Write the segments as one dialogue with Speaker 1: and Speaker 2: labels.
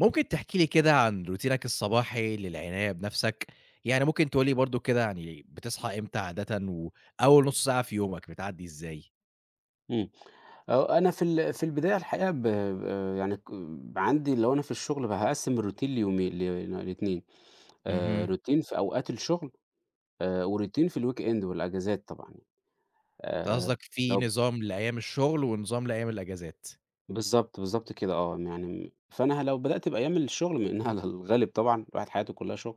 Speaker 1: ممكن تحكي لي كده عن روتينك الصباحي للعناية بنَفْسك؟ يعني ممكن تقول لي برضه كده يعني، بتصحى إمتى عادةً، وأول نُص ساعة في يومك بتعدّي إزاي؟
Speaker 2: إمم، هو أنا في ال في البداية الحقيقة ب ب يعني ك عندي لو أنا في الشُغل فهقسّم الroutine ليومين ل ل2 آآ
Speaker 1: اهم.
Speaker 2: routine في أوقات الشُغل، آآ وroutine في الweekend والأجازات طبعًا،
Speaker 1: أنت
Speaker 2: آآ
Speaker 1: قصدك في
Speaker 2: لو
Speaker 1: نظام لأيام الشُغل، ونظام لأيام الأجازات.
Speaker 2: بالضبط، بالضبط كده آه م يعني م فأنا ه لو بدأت بأيام الشُغل مع إنّها على الغالب طبعًا الواحد حياته كلّها شُغل،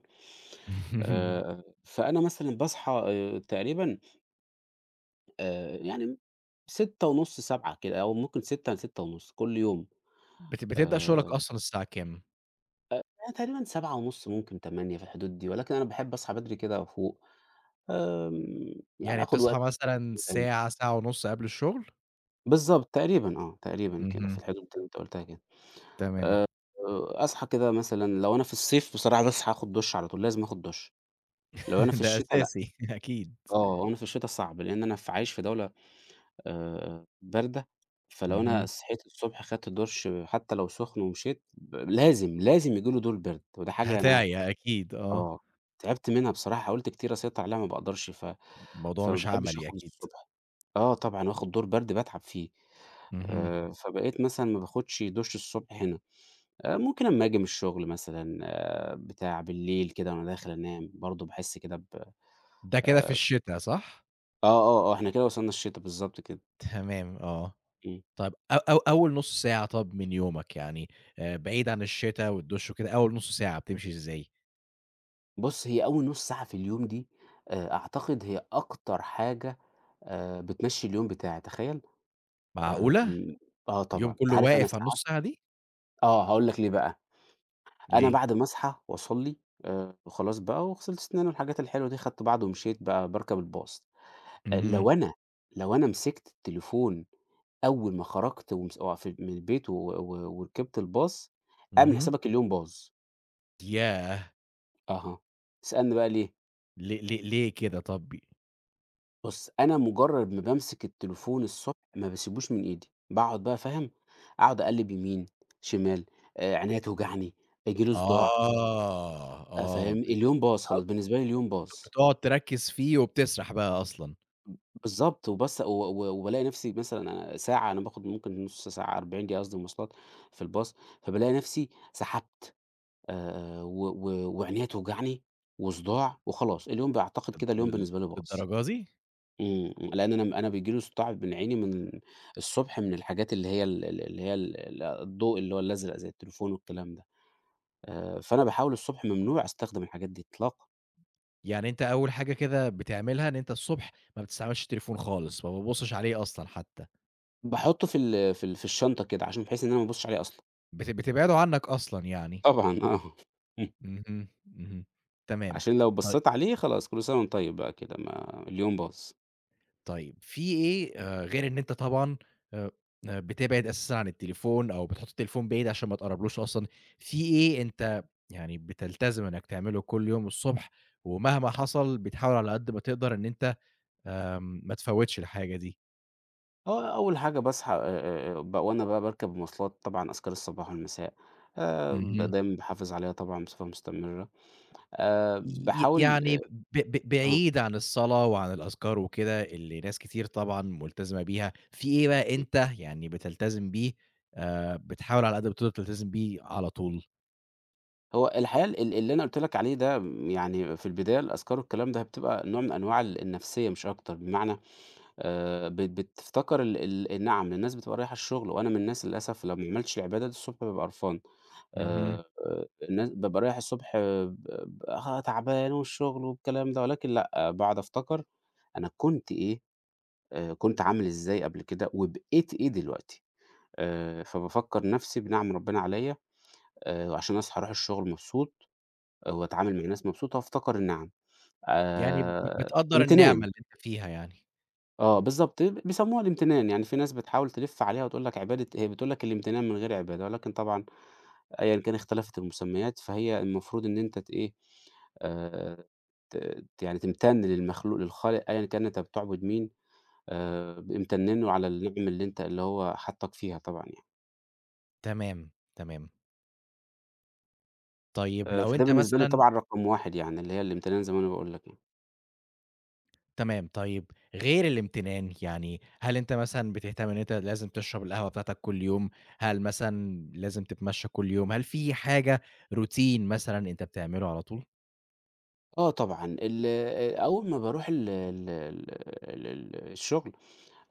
Speaker 2: آآ فأنا مثلًا باصحى آآ تقريبًا آآ يعني 06:30، 07:00 كده، أو ممكن 06:00، ل06:30 كلّ يوم
Speaker 1: بت بتبدأ شُغلك
Speaker 2: آآ
Speaker 1: أصلًا الساعة كام؟
Speaker 2: أ يعني تقريبًا 07:30 ممكن 08:00 في الحدود دي، ولكن أنا باحب أصحى بدري كده وأفوق، آمم يعني
Speaker 1: يعني
Speaker 2: آخُد
Speaker 1: بتصحى
Speaker 2: وقتي.
Speaker 1: مثلًا
Speaker 2: [unintelligible]
Speaker 1: ساعة، ساعة ونُص قبل الشُغل؟
Speaker 2: بالضبط، تقريبًا آه، تقريبًا كده في
Speaker 1: اهم.
Speaker 2: الحدود اللي أنت قُلتها كده،
Speaker 1: تمام.
Speaker 2: آآ وأصحى كده مثلًا لو أنا في الصيف بصراحة باصحى آخُد دُش على طول لازم آخُد دُش، لو أنا في
Speaker 1: ده
Speaker 2: الشتا لأ،
Speaker 1: أساسي، أكيد.
Speaker 2: آه لو أنا في الشتا صعب لإن أنا ف عايش في دولة آآ باردة، فلو أنا
Speaker 1: اهم.
Speaker 2: صحيت الصبح خَدت دُش حتّى لو سُخن ومشيت، ب لازم، لازم ييجي لي دور برد، ودي حاجة أنا
Speaker 1: هتِعيا أكيد، آه.
Speaker 2: آه تعبت منها بصراحة حاولت كتير أسيّطر عليها ما باقدرش، ف
Speaker 1: موضوع
Speaker 2: فما
Speaker 1: مش
Speaker 2: باحبش
Speaker 1: عملي
Speaker 2: آخُد
Speaker 1: أكيد.
Speaker 2: الصبح، آه طبعًا وآخُد دور برد باتعب فيه،
Speaker 1: اهم.
Speaker 2: آآ فبقيت مثلًا ما باخدش دُش الصبح هنا، آآ ممكن أمّا آجي من الشُغل مثلًا بتاع، بالليل كده وأنا داخل أنام برضه باحس كده ب
Speaker 1: ده كده في
Speaker 2: آآ
Speaker 1: الشتا صح؟
Speaker 2: آه، آه، إحنا كده وصلنا الشِتا بالضبط كده.
Speaker 1: تمام آه.
Speaker 2: إمم.
Speaker 1: طَب أ أو أول نُص ساعة طَب من يومك يعني آآ بعيد عن الشِتا والدُش وكده، أول نُص ساعة بتمشي إزاي؟
Speaker 2: بُص، هي أول نُص ساعة في اليوم دي آآ أعتقد هي أكتر حاجة آآ بتمشّي اليوم بتاعي، تخيل؟
Speaker 1: معقولة!
Speaker 2: آمم آه
Speaker 1: اليوم
Speaker 2: طبعًا. أنت
Speaker 1: كُلّه
Speaker 2: عارف أنا
Speaker 1: واقف على
Speaker 2: ساعات
Speaker 1: النُص ساعة دي؟!
Speaker 2: آه، هاقول لك ليه بقى. أنا
Speaker 1: ليه؟
Speaker 2: بعد ما أصحى وأصلّي آآ وخلاص بقى وغسلت سِناني والحاجات الحلوة دي، خدت بَعضي ومشيت بقى باركب الباص، آآ
Speaker 1: اهم.
Speaker 2: لو أنا لو أنا مسكْت التليفون أول ما خرجت ومس وف من البيت و و وركبت الbus اعمل
Speaker 1: اهم.
Speaker 2: حسابك اليوم باظ.
Speaker 1: ياه!
Speaker 2: أها، اسألني بقى ليه.
Speaker 1: ل ل ليه كده طَب
Speaker 2: بُص، أنا مُجرّد ما بامسِك التليفون الصبح، ما باسيبوش من إيدي. باقعُد بقى فاهم، أقعُد أقلِّب يمين، شمال، آآ عينيّا توجعني، ييجي لي صداع.
Speaker 1: آه،
Speaker 2: آآ
Speaker 1: آه،
Speaker 2: فاهم؟
Speaker 1: بب [unintelligible]
Speaker 2: اليوم باظ خلاص، بالنسبة لي اليوم باظ.
Speaker 1: بتقعُد تركِّز فيه وبتسرَح بقى أصلًا.
Speaker 2: بالضبط وبس و و وبالاقي نَفْسي مثلًا ساعة على ما آخُد ممكن نُص ساعة، 40 دقيقة قصدي مواصلات في الباص، فبالاقي نَفْسي سحبت آآ و و وعينيّا توجعني وصداع وخلاص، اليوم باعتقد
Speaker 1: طَب
Speaker 2: كده اليوم
Speaker 1: لل
Speaker 2: بالنسبة لي باظ.
Speaker 1: للدرجة دي؟!
Speaker 2: إمم، لإن أنا أنا بييجي لي صداع من عيني من الصبح من الحاجات اللي هي ال ال اللي هي ال ال الضوء اللي هو الأزرق زي التليفون والكلام ده، آآ فأنا باحاول الصبح ممنوع أستخدم الحاجات دي إطلاقًا.
Speaker 1: يعني أنت أول حاجة كده بتعملها، إن أنت الصبح ما بتستعملش التليفون خالص ما بتبُصّش عليه أصلًا حتى؟.
Speaker 2: باحطّه في ال في ال في الشنطة كده عشان بحيث إن أنا ما أبصّش عليه أصلًا.
Speaker 1: بت بتبعده عنّك أصلًا يعني.
Speaker 2: طبعًا آه إمم.
Speaker 1: اهم، اهم تمام
Speaker 2: عشان لو
Speaker 1: طي
Speaker 2: بصّيت عليه خلاص كل سَنَة وأنت طيب بقى كده ما اليوم باظ.
Speaker 1: طيب فيه إيه آآ غير إن أنت طبعًا آآ آآ بتبعد أساسًا عن التليفون أو بتحُط التليفون بعيد عشان ما تقربلهوش أصلًا، فيه إيه أنت يعني بتلتزم إنّك تعمله كل يوم الصبح ومهما حصل بتحاول على قد ما تقدر إن أنت آآ ما متفوّتش الحاجة دي؟
Speaker 2: آه أول حاجة باصحى آآ آآ آآ بق وأنا بقى باركب المواصلات طبعًا أذْكارالصباح والمساء، آآ
Speaker 1: اهم.
Speaker 2: دايمًا باحافظ عليها طبعًا بصفة مستمرة آآ
Speaker 1: ي ي
Speaker 2: باحاول
Speaker 1: يعني
Speaker 2: آآ
Speaker 1: ب ب
Speaker 2: آه.
Speaker 1: بعيد عن الصلاة وعن الأذْكار وكده اللي ناس كتير طبعًا ملتزمة بيها، فيه إيه بقى
Speaker 2: إمم.
Speaker 1: أنت يعني بتلتزم بيه آآ بتحاول على قد ما تقدر تلتزم بيه، على طول؟
Speaker 2: هو الحقيقة ال ال اللي أنا قُلت لك عليه ده م يعني في البداية الأذْكار والكلام ده بتبقى نوع من أنواع ال النَفْسية مش أكتر بمعنى، آآ بت بتفتكر ال ال نِعَم الناس بتبقى رايحة الشغل وأنا من الناس للأسف لو ما عملتش العبادة دي الصبح بابقى قرْفان،
Speaker 1: اهم.
Speaker 2: آآ الناس بابقى رايح الصبح آآ ب ب ها تعبان والشغل والكلام ده ولكن لأ باقعد أفتكر أنا كنت إيه آآ كنت عامل إزاي قبل كده، وبقيت إيه دلوقتي، آآ فبافكّر نَفْسي بنِعَم ربّنا عليّا آآ وعشان أصحى أروح الشغل مبسوط وأتعامل مع الناس مبسوط وأفتكر النِعَم
Speaker 1: يعني ب
Speaker 2: آآ
Speaker 1: بتقدّر النعْمة
Speaker 2: امْتِنان.
Speaker 1: اللي أنت فيها يعني.
Speaker 2: آه بالضبط بيسموها الامتنان، يعني في ناس بتحاول تِلِف عليها وتقول لك عبادة هي بتقول لك الامتنان من غير عبادة، ولكن طبعًا أيًا كان اختَلَفِت المسميات فهي المفروض إن أنت تإيه آآ، ت ت يعني تمتن للمخلوق للخالق أيًا كان أنت بتعبد مين، آآ ب امتن له على النِعَم اللي أنت اللي هو حَطّك فيها طبعًا يعني.
Speaker 1: تمام، تمام. طيب
Speaker 2: آآ
Speaker 1: لو
Speaker 2: فده
Speaker 1: أنت
Speaker 2: بالنسبة لي
Speaker 1: مثلًا
Speaker 2: طبعًا رقم واحد يعني اللي هي الامتنان زي ما أنا باقول لك يعني.
Speaker 1: تمام، طيب غير الامتنان يعني، هل أنت مثلًا بتهتم إن أنت لازم تشرب القهوة بتاعتك كلّ يوم؟ هل مثلًا لازم تتمشى كلّ يوم؟ هل في حاجة routine مثلًا أنت بتعمله على طول؟
Speaker 2: آه طبعًا. ال آآ أول ما باروح ال ال ال ال الشغل،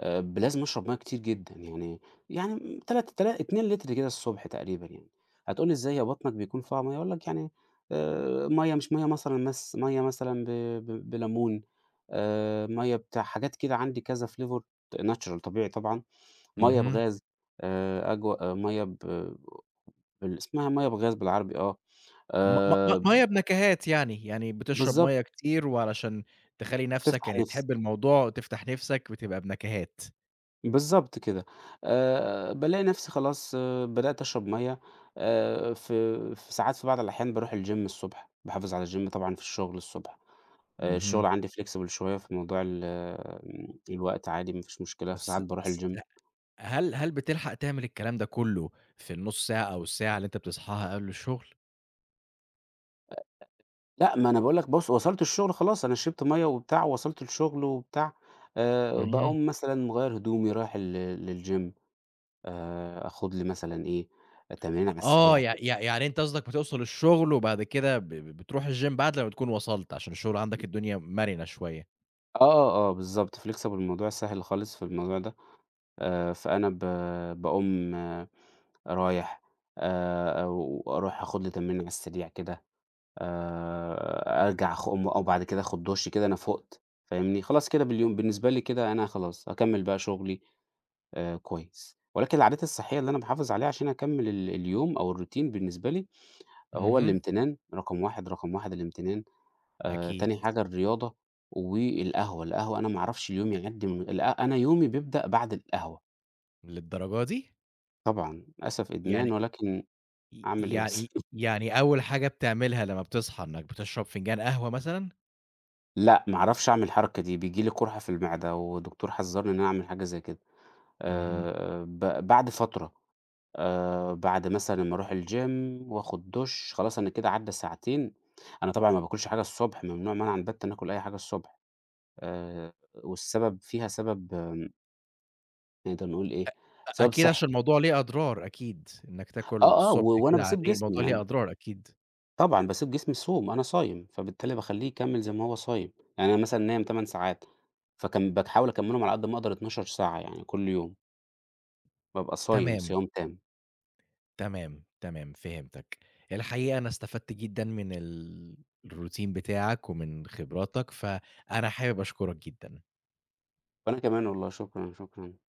Speaker 2: آآ ب لازم أشرب مَيّة كتير جدًا، يعني يعني تلات تلا 2 لتر كده الصبح تقريبًا يعني، هتقول لي إزاي هي بطنك بيكون فيها مَيّة؟ هاقول لك يعني آآ مَيّة مش مَيّة مثلًا مث مَيّة مثلًا ب ب بلمون، آآ مَيّة بتاع حاجات كده عندي كذا flavor natural طبيعي طبعًا، مَيّة
Speaker 1: اهم.
Speaker 2: بغاز آآ أجوا آآ مَيّة ب بال إسمها مَيّة بغاز بالعربي آه،
Speaker 1: م م م مَيّة
Speaker 2: آمم
Speaker 1: بنكهات يعني، يعني بتشرب
Speaker 2: بالضبط.
Speaker 1: مَيّة كتير وعلشان تخلّي نَفْسك
Speaker 2: تِفتَح
Speaker 1: يعني
Speaker 2: نِفسي.
Speaker 1: تحب الموضوع وتفتح نِفْسك بتبقى بنكهات.
Speaker 2: بالضبط كده، آآ بالاقي نفسي خلاص بدأت أشرب مَيّة آآ في في ساعات في بعض الأحيان باروح الgym الصبح، باحافظ على الgym طبعًا في الشغل الصبح، آآ
Speaker 1: اهم.
Speaker 2: الشغل عندي flexible شوية في موضوع ال الوقت عادي مفيش مشكلة،
Speaker 1: بس
Speaker 2: فساعات باروح
Speaker 1: بس
Speaker 2: الgym
Speaker 1: ه هل هل بتلحق تعمل الكلام ده كلّه في النُص ساعة أو الساعة اللي أنت بتصحاها قبل الشُغل؟
Speaker 2: أ أ لأ ما أنا باقول لك بُص وصلت الشغل خلاص أنا شربت مَيّة وبتاع ووصلت الشغل وبتاع. آآ
Speaker 1: اهم.
Speaker 2: باقوم مثلًا مغيّر هدومي رايح لل للgym آآ آخد لي مثلًا إيه، تمرينة على
Speaker 1: آه،
Speaker 2: السريع
Speaker 1: يع
Speaker 2: كده.
Speaker 1: يع يعني انت قصدك بتوصَل الشغل وبعد كده ب بتروح الgym بعد لمّا بتكون وصلت عشان الشغل عندك الدنيا مَرِنة شوية.
Speaker 2: آه آه بالضبط flexible الموضوع سهل خالص في الموضوع ده، آآ فأنا ب باقوم رايح آآ أو أروح آخد لي تمرينة على السريع كده، آآ أرجع أخ أقوم آه بعد كده آخد دُش كده أنا فُقت فاهمني، خلاص كده باليوم بالنسبة لي كده أنا خلاص هاكمل بقى شغلي آآ كويس، ولكن العادات الصحية اللي أنا باحافظ عليها عشان أكمل ال اليوم أو الroutine بالنسبة لي هو
Speaker 1: اهم.
Speaker 2: الامتنان رقم 1 رقم 1 الامتنان،
Speaker 1: ده
Speaker 2: آآ
Speaker 1: أكيد.
Speaker 2: تاني حاجة الرياضة والقهوة، القهوة أنا ما أعرفش اليوم يعدي من ال أنا يومي بيبدأ بعد القهوة.
Speaker 1: للدرجة دي!
Speaker 2: طبعًا للأسف
Speaker 1: يعني
Speaker 2: إدمان ولكن
Speaker 1: ي
Speaker 2: أعمل إيه بس..
Speaker 1: يعني يعني أول حاجة بتعملها لمّا بتصحى إنك بتشرب فنجان قهوة مثلًا؟
Speaker 2: لأ، ما أعرفش أعمل الحركة دي بييجي لي قُرحة في المعدة والدكتور حذرني إن أنا أعمل حاجة زي كده.
Speaker 1: اهم.
Speaker 2: آآ ب بعد فترة آآ بعد مثلًا أما أروح الgym وآخد دُش خلاص أنا كده عدى ساعتين. أنا طبعًا مباكلش حاجة الصبح ممنوع منعًا باتًا آكل أي حاجة الصبح. آآ والسبب فيها سبب آمم نقدر نقول
Speaker 1: أ
Speaker 2: إيه،
Speaker 1: أ
Speaker 2: سبب
Speaker 1: أكيد عشان
Speaker 2: صحي.
Speaker 1: الموضوع ليه أضرار أكيد، إنك تاكل
Speaker 2: آه، آه و
Speaker 1: الصبح
Speaker 2: وأنا
Speaker 1: كده على
Speaker 2: باسيب
Speaker 1: الريق
Speaker 2: جسمي
Speaker 1: الموضوع ليه
Speaker 2: يعني
Speaker 1: أضرار أكيد.
Speaker 2: طبعًا باسيب جسمي يصوم، أنا صايم فبالتالي باخلّيه يكمل زي ما هو صايم، يعني أنا مثلًا نايم 8 ساعات فكا بتحاول أكملهم على قد ما أقدر 12 ساعة يعني كل يوم. بابقى صايم
Speaker 1: تمام.
Speaker 2: صيام تام.
Speaker 1: تمام، تمام فهمتك. الحقيقة أنا استفدت جدًا من ال الroutine بتاعك ومن خبراتك، فأنا حابب أشكرك جدًا.
Speaker 2: وأنا كمان والله شكرًا، شكرًا.